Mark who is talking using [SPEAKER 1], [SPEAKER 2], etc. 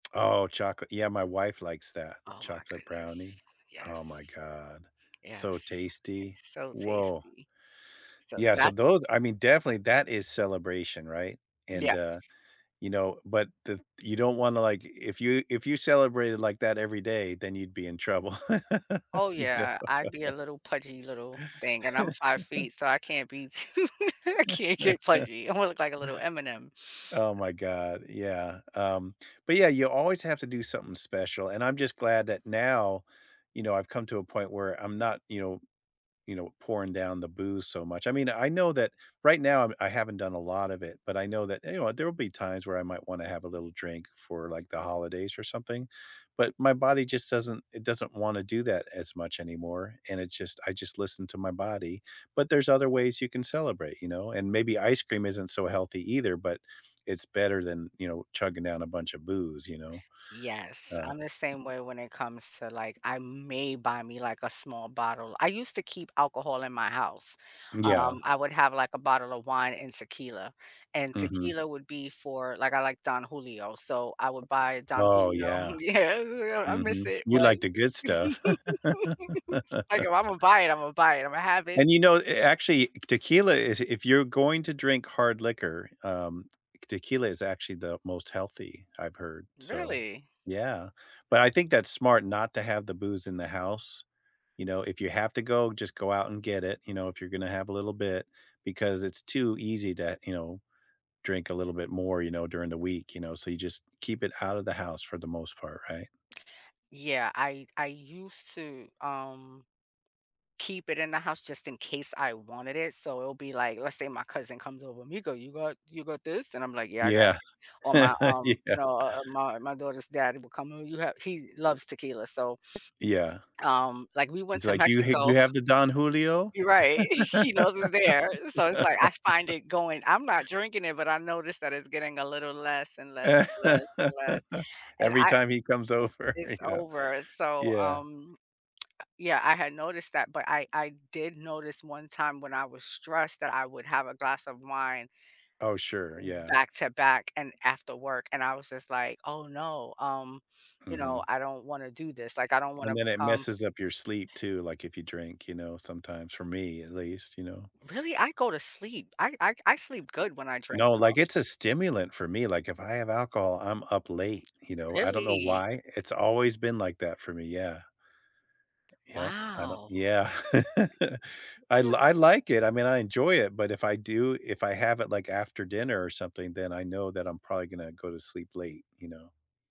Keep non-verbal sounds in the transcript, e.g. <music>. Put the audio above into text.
[SPEAKER 1] Oh, chocolate. Yeah. My wife likes that.
[SPEAKER 2] Oh my
[SPEAKER 1] Chocolate
[SPEAKER 2] goodness.
[SPEAKER 1] brownie. Oh my
[SPEAKER 2] Yes.
[SPEAKER 1] god. So
[SPEAKER 2] Yes. Yes,
[SPEAKER 1] tasty.
[SPEAKER 2] so
[SPEAKER 1] Woah.
[SPEAKER 2] tasty. So
[SPEAKER 1] Yeah. So
[SPEAKER 2] that's
[SPEAKER 1] those I mean, definitely, that is celebration. Right? And, uh,
[SPEAKER 2] Yes.
[SPEAKER 1] you know but the you don't wanna, like if you if you celebrated like that every day, then you'd be in trouble.
[SPEAKER 2] Oh,
[SPEAKER 1] <laughs> You know?
[SPEAKER 2] yeah. I'd be a little pudgy little thing, and I'm 5
[SPEAKER 1] <laughs>
[SPEAKER 2] feet, so I can't be too I can't get
[SPEAKER 1] <laughs>
[SPEAKER 2] pudgy. I wanna look like a little M&M.
[SPEAKER 1] Oh my god. Yeah. Um, but, yeah, you always have to do something special. And I'm just glad that now, you know, I've come to a point where I'm not, you know you know, pouring down the booze so much. I mean, I know that right now I haven't done a lot of it, but I know that, you know, there will be times where I might wanna have a little drink for, like, the holidays or something. But my body just doesn't it doesn't want to do that as much anymore. And it just I just listen to my body. But there's other ways you can celebrate, you know? And maybe ice cream isn't so healthy either, but it's better than, you know, chugging down a bunch of booze, you know?
[SPEAKER 2] Yes.
[SPEAKER 1] Uh
[SPEAKER 2] I'm the same way when it comes to, like I may buy me, like, a small bottle. I used to keep alcohol in my house.
[SPEAKER 1] Yeah.
[SPEAKER 2] Um, I would have like a bottle of wine and tequila. And
[SPEAKER 1] Mhm.
[SPEAKER 2] tequila would be for like, I like Don Julio. So I would buy Don
[SPEAKER 1] Oh,
[SPEAKER 2] Julio.
[SPEAKER 1] yeah.
[SPEAKER 2] Yeah. <unintelligible> I miss
[SPEAKER 1] Mhm.
[SPEAKER 2] it.
[SPEAKER 1] You
[SPEAKER 2] But
[SPEAKER 1] like the good stuff.
[SPEAKER 2] <laughs> I go,
[SPEAKER 1] <laughs>
[SPEAKER 2] “Imma buy it. Imma buy it. Imma have it.”
[SPEAKER 1] And, you know, actually, tequila is if you're going to drink hard liquor, um, tequila is actually the most healthy, I've heard. So,
[SPEAKER 2] Really?
[SPEAKER 1] yeah. But I think that's smart not to have the booze in the house. You know, if you have to go, just go out and get it, you know, if you're gonna have a little bit because it's too easy to, you know, drink a little bit more, you know, during the week, you know, so you just keep it out of the house for the most part, right?
[SPEAKER 2] Yeah. I I used to, um, keep it in the house just in case I wanted it. So it'll be like, let's say my cousin comes over, "Me go, you got you got this?" And I'm like, "Yeah. I got it."
[SPEAKER 1] Yeah.
[SPEAKER 2] Or my,
[SPEAKER 1] <laughs>
[SPEAKER 2] um,
[SPEAKER 1] Yeah.
[SPEAKER 2] uh, um, my my daughter's daddy will come over. "You have" he loves tequila. So
[SPEAKER 1] Yeah.
[SPEAKER 2] um, like, we went
[SPEAKER 1] He's
[SPEAKER 2] to
[SPEAKER 1] like, you hate
[SPEAKER 2] Mexico.
[SPEAKER 1] you have the Don Julio?
[SPEAKER 2] Right. He knows it's there. So it's like, I find
[SPEAKER 1] <laughs>
[SPEAKER 2] it going I'm not drinking it, but I noticed that it's getting a little less and less, less and
[SPEAKER 1] <laughs>
[SPEAKER 2] less. And
[SPEAKER 1] Every
[SPEAKER 2] I
[SPEAKER 1] time he comes over,
[SPEAKER 2] it's
[SPEAKER 1] you know?
[SPEAKER 2] over. So,
[SPEAKER 1] Yeah.
[SPEAKER 2] um, yeah, I had noticed that, but I I did notice one time when I was stressed that I would have a glass of wine
[SPEAKER 1] Oh, sure. Yeah.
[SPEAKER 2] back to back and after work. And I was just like, oh, no. Um, you know,
[SPEAKER 1] Mhm.
[SPEAKER 2] I don't wanna do this. Like, I don't
[SPEAKER 1] And
[SPEAKER 2] wanna
[SPEAKER 1] then it
[SPEAKER 2] become
[SPEAKER 1] messes up your sleep too, like, if you drink, you know, sometimes for me, at least, you know.
[SPEAKER 2] Really? I go to sleep. I I I sleep good when I drink,
[SPEAKER 1] No. Like,
[SPEAKER 2] though.
[SPEAKER 1] it's a stimulant for me, like, if I have alcohol, I'm up late, you know. I don't know
[SPEAKER 2] Really?
[SPEAKER 1] why, it's always been like that for me, yeah. Yep, I don't
[SPEAKER 2] Wow.
[SPEAKER 1] yeah. I l I like it. I mean, I enjoy it, but if I do if I have it, like, after dinner or something, then I know that I'm probably gonna go to sleep late, you know?